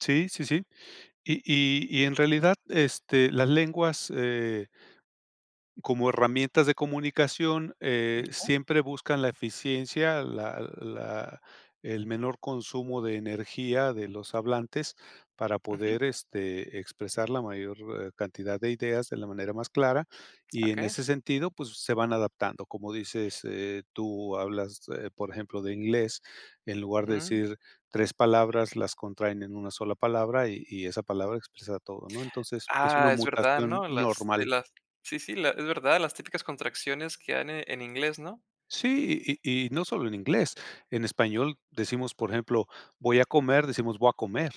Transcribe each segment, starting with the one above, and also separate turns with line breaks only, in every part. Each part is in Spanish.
Sí, sí, sí. Y y y en realidad, este, las lenguas, eh como herramientas de comunicación, eh, siempre buscan la eficiencia, la la el menor consumo de energía de los hablantes para
Ujú.
poder, este, expresar la mayor, eh, cantidad de ideas de la manera más clara. Y en
Okey.
ese sentido, pues, se van adaptando. Como dices, eh, tú hablas, eh, por ejemplo, de inglés, en lugar de
Mm.
decir 3 palabras, las contraen en 1 sola palabra, y y esa palabra expresa todo, ¿no? Entonces, es una
Ah, es verdad,
mutación
¿no? Las sí,
normal.
las sí, sí, la es verdad, las típicas contracciones que hay en, eh, en inglés, ¿no?
Sí, y y y no solo en inglés. En español decimos, por ejemplo: "Voy a comer", decimos: "Voy a comer".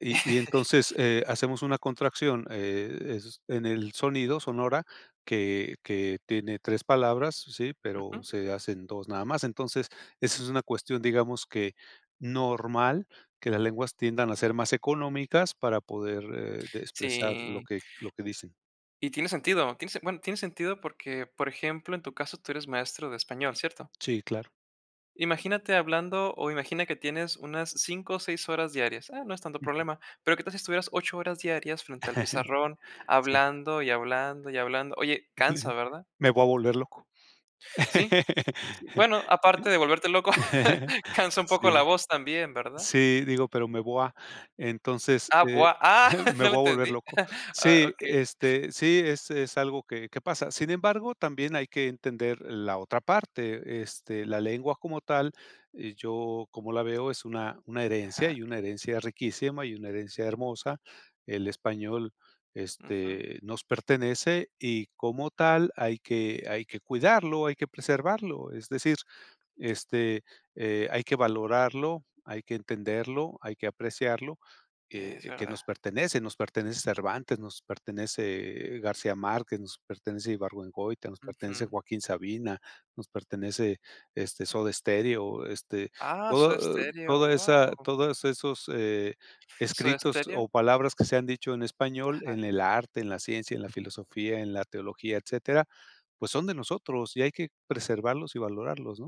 Y y entonces, eh, hacemos una contracción, eh, es en el sonido, sonora, que que tiene 3 palabras, ¿sí?, pero
Ujú.
se hacen 2 nada más. Entonces, esa es una cuestión, digamos, que normal, que las lenguas tiendan a ser más económicas para poder, eh, de expresar lo
Sí.
que lo que dicen.
Y tiene sentido, tiene sen bueno, tiene sentido porque, por ejemplo, en tu caso tú eres maestro de español, ¿cierto?
Sí, claro.
Imagínate hablando, o imagina que tienes unas 5 o 6 horas diarias. Ah, no es tanto
Ujú.
problema, pero ¿qué tal si estuvieras 8 horas diarias frente al pizarrón
Sí.
hablando, y hablando, y hablando? Oye, cansa, ¿verdad?
Me voy a volver loco.
Sí. Sí, bueno, aparte de volverte loco, cansa un
Sí.
poco la voz también, ¿verdad?
Sí, digo, pero me voy a, entonces,
Ah,
eh,
bua ah,
me
no lo
voy a volver
entendí.
loco.
Ah,
Sí,
okey.
este, sí, es es algo que que pasa. Sin embargo, también hay que entender la otra parte, este, la lengua como tal, eh, yo, como la veo, es una una herencia,
Ajá.
y una herencia riquísima, y una herencia hermosa. El español,
Ujú.
este, nos pertenece, y, como tal, hay que hay que cuidarlo, hay que preservarlo, es decir, este, eh, hay que valorarlo, hay que entenderlo, hay que apreciarlo,
Ya,
eh
es
eh, que
verdad.
nos pertenece. Nos pertenece Cervantes, nos pertenece, eh, García Márquez, nos pertenece Ibargüengoitia, nos pertenece
Ujú.
Joaquín Sabina, nos pertenece, este, Soda Stereo, este,
Ah, Soda
todo
Stereo,
toda esa
guau.
todos esos, eh,
¿Soda
escritos
Stereo?
o palabras que se han dicho en español
Ajá.
en el arte, en la ciencia, en la filosofía, en la teología, etcétera, pues son de nosotros, y hay que preservarlos y valorarlos, ¿no?